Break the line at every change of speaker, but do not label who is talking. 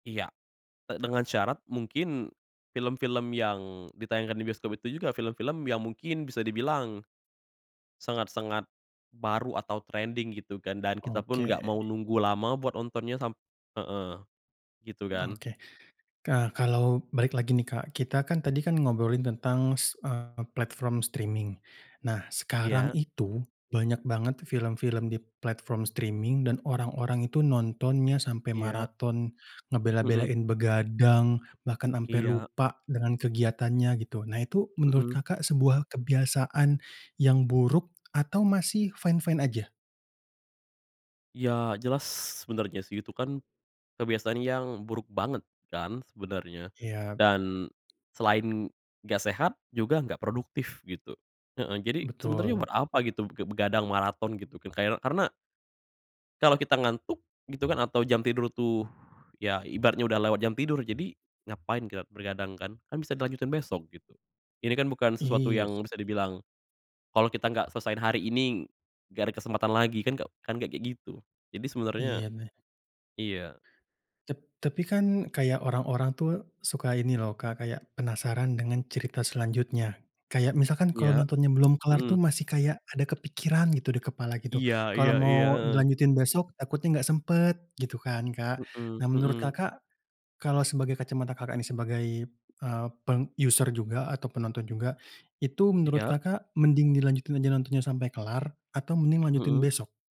Iya, e dengan syarat mungkin, film-film yang ditayangkan di bioskop itu juga film-film yang mungkin bisa dibilang, sangat sangat, baru atau trending gitu kan, dan kita pun
Oke.
nggak mau nunggu lama buat nontonnya sam heeh, gitu kan.
Oke ka kalau balik lagi nih Kak, kita kan tadi kan ngobrolin tentang s eee, platform streaming, nah sekarang
Iya.
itu banyak banget film-film di platform streaming dan orang-orang itu nontonnya sampai
Iya.
maraton
Mhm.
ngebela-belain begadang bahkan ampe
Iya.
lupa dengan kegiatannya gitu nah itu menurut
Mhm.
Kakak, sebuah kebiasaan, yang buruk atau masih fine-fine aja?
Iya jelas sebenarnya sih itu kan, kebiasaan yang buruk banget kan sebenarnya,
Iya.
dan, selain nggak sehat juga gak produktif gitu, heeh, jadi sebenarnya
Betul.
buat apa gitu be begadang maraton gitu kan kay karena kalo kita ngantuk gitu kan atau jam tidur tuh, ya ibaratnya udah lewat jam tidur jadi ngapain kita begadang kan, kan bisa dilanjutin besok gitu, ini kan bukan sesuatu
Iya
yang
sih.
bisa dibilang, kalo kita nggak selesain hari ini, nggak ada kesempatan lagi, kan nggak kan nggak, kayak gitu. Jadi sebenarnya
Iya mah
iya.
Tap tapi kan kayak orang-orang tuh suka ini loh Kak, kayak penasaran dengan cerita selanjutnya. Kayak misalkan kalau
Iya,
nontonnya belum kelar tuh
mhm.
masih kayak ada kepikiran gitu, di kepala gitu,
Iya
kalau
iya
mau
iya, heeh.
dilanjutin besok takutnya nggak sempet gitu kan Kak.
Mhm
Nah menurut
mhm.
Kakak, kalau sebagai kacamata Kakak, ini sebagai, eee, peng user juga atau penonton juga, itu menurut
Iya.
Kakak, mending dilanjutin aja nontonnya sampai kelar atau mending lanjutin
Mhm.
besok?